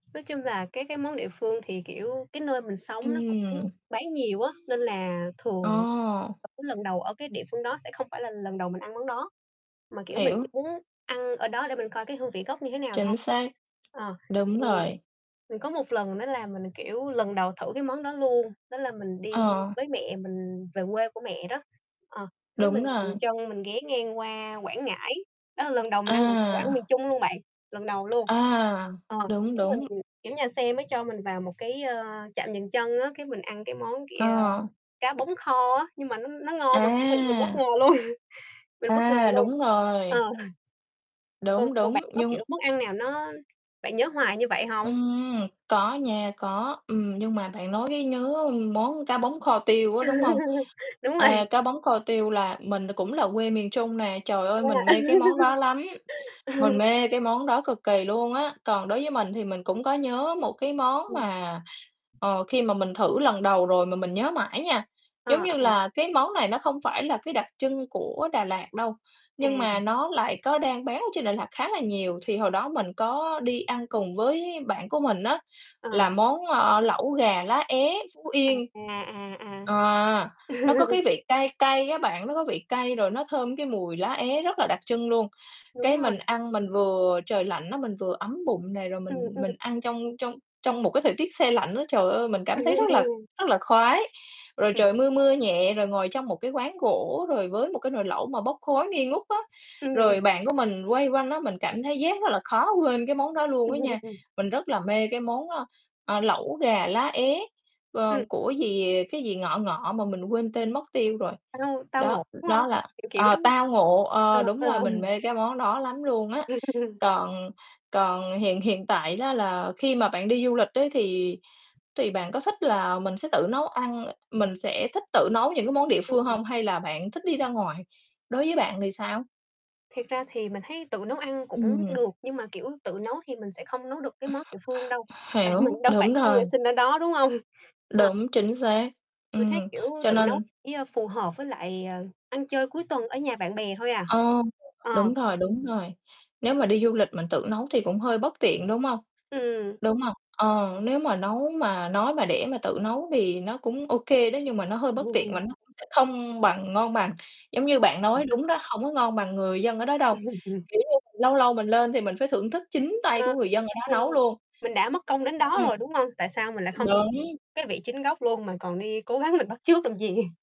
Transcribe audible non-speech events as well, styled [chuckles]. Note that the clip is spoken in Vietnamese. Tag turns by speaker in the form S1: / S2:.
S1: Nói chung là cái cái món địa phương thì, kiểu, cái nơi mình sống nó cũng
S2: Ừm.
S1: bán nhiều á, nên là thường
S2: Ồ.
S1: [unintelligible] lần đầu ở cái địa phương đó sẽ không phải là lần đầu mình ăn món đó. Mà, kiểu, mình chỉ
S2: Hiểu.
S1: muốn ăn ở đó để mình coi cái hương vị gốc như thế nào thôi.
S2: Chính xác,
S1: Ờ,
S2: đúng
S1: thì
S2: rồi.
S1: mình có một lần nữa là mình, kiểu, lần đầu thử cái món đó luôn. Đó là mình đi
S2: Ờ.
S1: với mẹ mình về quê của mẹ đó, ờ, thế
S2: Đúng
S1: mình
S2: rồi.
S1: dừng chân, mình ghé ngang qua Quảng Ngãi. Đó là lần đầu mình ăn đồ đồ ăn miền
S2: À.
S1: Trung luôn bạn, lần đầu luôn.
S2: À,
S1: Ờ,
S2: đúng,
S1: cái mình
S2: đúng.
S1: kiểu, nhà xe mới cho mình vào một cái, ơ, trạm dừng chân á, cái mình ăn cái món kia,
S2: Ờ.
S1: cá bống kho á. Nhưng mà nó nó ngon mà, kiểu, mình mình bất
S2: À!
S1: ngờ luôn, mình bất ngờ
S2: À,
S1: luôn.
S2: đúng rồi.
S1: Ờ. [chuckles] Còn
S2: Đúng,
S1: còn
S2: đúng,
S1: bạn có,
S2: nhưng
S1: kiểu, món ăn nào nó bạn nhớ hoài như vậy hông?
S2: Ừm, có nha. Có. Ừm, nhưng mà bạn nói cái nhớ món cá bống kho tiêu á, đúng hông?
S1: [laughs] Đúng rồi.
S2: À, cá bống kho tiêu là mình cũng là quê miền Trung nè. Trời ơi, mình mê cái món đó
S1: À.
S2: lắm, mình
S1: [laughs]
S2: mê cái món đó cực kỳ luôn á. Còn đối với mình thì mình cũng có nhớ một cái món
S1: Ừm.
S2: mà, ờ, khi mà mình thử lần đầu rồi mà mình nhớ mãi nha. Giống
S1: Ờ,
S2: như
S1: ở.
S2: là cái món này nó không phải là cái đặc trưng của Đà Lạt đâu, nhưng mà
S1: À.
S2: nó lại có đang bán ở trên Đà Lạt khá là nhiều. Thì hồi đó mình có đi ăn cùng với bạn của mình á,
S1: Ờ.
S2: là món, ờ, lẩu gà lá é Phú
S1: À,
S2: Yên.
S1: à, à, à.
S2: À, nó có
S1: [laughs]
S2: cái vị cay cay á bạn. Nó có vị cay rồi nó thơm cái mùi lá é rất là đặc trưng luôn.
S1: Đúng
S2: Cái
S1: rồi.
S2: mình ăn mình vừa trời lạnh á, mình vừa ấm bụng này, rồi
S1: Ừm,
S2: mình
S1: ừm.
S2: mình ăn trong trong trong một cái thời tiết se lạnh á. Trời ơi, mình cảm thấy
S1: [laughs]
S2: rất là
S1: Ừm.
S2: rất là khoái. Rồi
S1: Ừm.
S2: trời mưa, mưa nhẹ, rồi ngồi trong một cái quán gỗ, rồi với một cái nồi lẩu mà bốc khói nghi ngút á. Rồi
S1: Ừm.
S2: bạn của mình quây quanh á, mình cảm thấy giác rất là khó quên cái món đó luôn á
S1: [laughs]
S2: nha.
S1: Ừm.
S2: Mình rất là mê cái món, ơ, ờ, lẩu gà lá é, ờ,
S1: Ừm.
S2: của gì, cái gì ngọ ngọ mà mình quên tên mất tiêu rồi.
S1: Tao Tao
S2: Đó,
S1: Ngộ, đúng hông?
S2: đó là
S1: Kiểu, kiểu,
S2: ờ,
S1: đúng hông?
S2: Tao Ngộ.
S1: Ờ,
S2: Ờ, đúng rồi,
S1: ờ.
S2: mình
S1: [chuckles]
S2: mê cái món đó lắm luôn á.
S1: Ừm.
S2: Còn còn hiện hiện tại đó là khi mà bạn đi du lịch ấy, thì thì bạn có thích là mình sẽ tự nấu ăn mình sẽ thích tự nấu những cái món địa phương
S1: Ừm.
S2: hông? Hay là bạn thích đi ra ngoài? Đối với bạn thì sao?
S1: Thiệt ra thì mình thấy tự nấu ăn cũng
S2: Ừm.
S1: được. Nhưng mà, kiểu, tự nấu thì mình sẽ không nấu được cái món địa phương đâu. Tại
S2: Hiểu,
S1: mình đâu phải
S2: đúng
S1: là người
S2: rồi.
S1: sinh ở đó, đúng hông? hông? Ờ.
S2: Đúng, chính xác.
S1: Mình thấy,
S2: Ừm,
S1: kiểu,
S2: cho
S1: tự nấu
S2: nên
S1: chỉ, a, phù hợp với lại, ờ, ăn chơi cuối tuần ở nhà bạn bè thôi à.
S2: Ờ,
S1: Ờ.
S2: đúng rồi, đúng rồi, đúng rồi. Nếu mà đi du lịch mình tự nấu thì cũng hơi bất tiện, đúng hông?
S1: Ừm.
S2: Đúng hông? Ờ, nếu mà nấu mà nói mà để mà tự nấu thì nó cũng ô kê đó, nhưng mà nó hơi bất tiện và
S1: [laughs]
S2: nó cũng sẽ không bằng ngon bằng. Giống như bạn nói
S1: Ừm.
S2: đúng đó, hông có ngon bằng người dân ở đó đâu.
S1: [chuckles] Ừm.
S2: Kiểu như mình lâu lâu mình lên thì mình phải thưởng thức chính tay của
S1: Ờ,
S2: người dân ở đó
S1: mình
S2: nấu luôn.
S1: mình đã mất công đến
S2: Ô
S1: đó
S2: kê.
S1: rồi, đúng hông? Tại sao mình lại không thử
S2: Đúng
S1: cái vị chính gốc luôn mà còn đi cố gắng mình bắt chước làm gì?